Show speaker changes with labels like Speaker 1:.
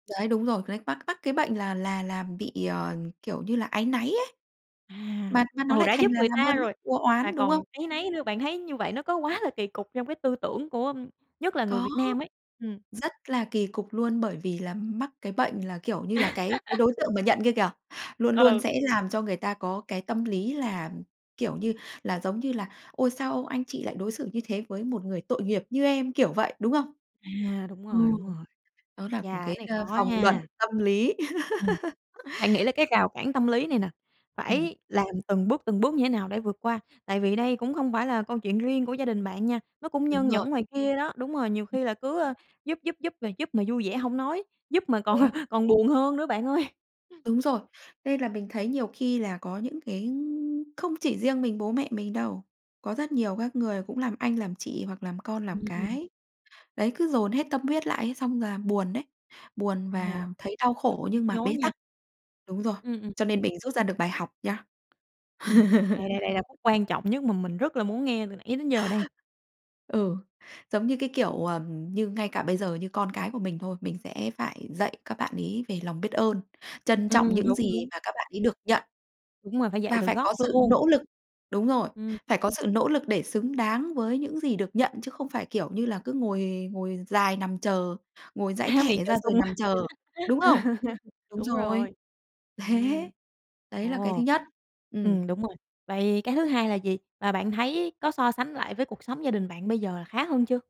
Speaker 1: Đấy, đúng rồi, cái này mắc mắc cái bệnh là làm làm bị, ờ, kiểu như là, áy náy ấy.
Speaker 2: À,
Speaker 1: Mà mà nó
Speaker 2: ừ,
Speaker 1: lại
Speaker 2: đã
Speaker 1: thành
Speaker 2: giúp
Speaker 1: là
Speaker 2: người
Speaker 1: làm
Speaker 2: ta
Speaker 1: ơn mắc
Speaker 2: rồi
Speaker 1: o
Speaker 2: mà
Speaker 1: oán, đúng không?
Speaker 2: còn áy náy nữa, bạn thấy như vậy nó có quá là kỳ cục trong cái tư tưởng của nhất là người
Speaker 1: Có,
Speaker 2: Việt Nam ấy, ừm.
Speaker 1: rất là kỳ cục luôn bởi vì là mắc cái bệnh là, kiểu như là, cái cái đối tượng mà nhận kia kìa, luôn luôn
Speaker 2: Ừ.
Speaker 1: sẽ làm cho người ta có cái tâm lý là, ừm, kiểu như là, giống như là "Ôi, sao anh chị lại đối xử như thế với một người tội nghiệp như em?", kiểu vậy, đúng không?
Speaker 2: À, đúng
Speaker 1: Ờ,
Speaker 2: rồi, đúng rồi.
Speaker 1: đó là
Speaker 2: Chà,
Speaker 1: cũng
Speaker 2: cái
Speaker 1: cái,
Speaker 2: này
Speaker 1: ờ,
Speaker 2: khó
Speaker 1: vòng luẩn
Speaker 2: nha.
Speaker 1: tâm lý.
Speaker 2: Ừm, bạn nghĩ là cái rào cản tâm lý này nè,
Speaker 1: Ừm.
Speaker 2: phải làm từng bước, từng bước như thế nào để vượt qua? Tại vì đây cũng không phải là câu chuyện riêng của gia đình bạn nha, nó cũng
Speaker 1: Đúng
Speaker 2: nhơn
Speaker 1: rồi.
Speaker 2: nhởn ngoài kia đó. Đúng rồi, nhiều
Speaker 1: Ừm.
Speaker 2: khi là cứ, ơ, giúp giúp giúp mà giúp mà vui vẻ hông nói, giúp mà còn
Speaker 1: Đúng.
Speaker 2: còn buồn hơn nữa bạn ơi.
Speaker 1: Đúng rồi, nên là mình thấy nhiều khi là có những cái không chỉ riêng mình bố mẹ mình đâu, có rất nhiều các người cũng làm anh, làm chị hoặc làm con, làm
Speaker 2: Ừm, ừm.
Speaker 1: cái, đấy, cứ dồn hết tâm huyết lại ấy, xong là buồn đấy, buồn
Speaker 2: Ờ,
Speaker 1: và thấy đau
Speaker 2: rất
Speaker 1: khổ
Speaker 2: là nhức
Speaker 1: nhưng mà
Speaker 2: nhối
Speaker 1: bế
Speaker 2: nha.
Speaker 1: tắc. Đúng rồi,
Speaker 2: Ừm, ừm.
Speaker 1: cho nên mình rút ra được bài học nhá.
Speaker 2: Ừm, đây, đây, đây là khúc quan trọng nhất mà mình rất là muốn nghe từ nãy đến giờ đây.
Speaker 1: Ừ, giống như cái kiểu, ờm, như ngay cả bây giờ như con cái của mình thôi, mình sẽ phải dạy các bạn ấy về lòng biết ơn, trân trọng
Speaker 2: Ừm,
Speaker 1: những
Speaker 2: đúng,
Speaker 1: gì
Speaker 2: đúng.
Speaker 1: mà các bạn ấy được nhận,
Speaker 2: Đúng rồi, phải dạy
Speaker 1: và
Speaker 2: từ
Speaker 1: phải có
Speaker 2: gốc
Speaker 1: sự
Speaker 2: luôn.
Speaker 1: nỗ lực đúng rồi,
Speaker 2: Ừm.
Speaker 1: phải có sự nỗ lực để xứng đáng với những gì được nhận, chứ không phải kiểu như là cứ ngồi ngồi dài nằm chờ, ngồi dãi
Speaker 2: Há miệng
Speaker 1: thẻ
Speaker 2: chờ
Speaker 1: ra rồi
Speaker 2: sung.
Speaker 1: nằm chờ, đúng không? Đúng
Speaker 2: Đúng
Speaker 1: rồi,
Speaker 2: rồi.
Speaker 1: thế!
Speaker 2: Ừm.
Speaker 1: Đấy là cái thứ
Speaker 2: Ồ.
Speaker 1: nhất. Ừm.
Speaker 2: Ừm, đúng rồi. Vậy cái thứ hai là gì? Và bạn thấy có so sánh lại với cuộc sống gia đình bạn bây giờ là khá hơn chưa?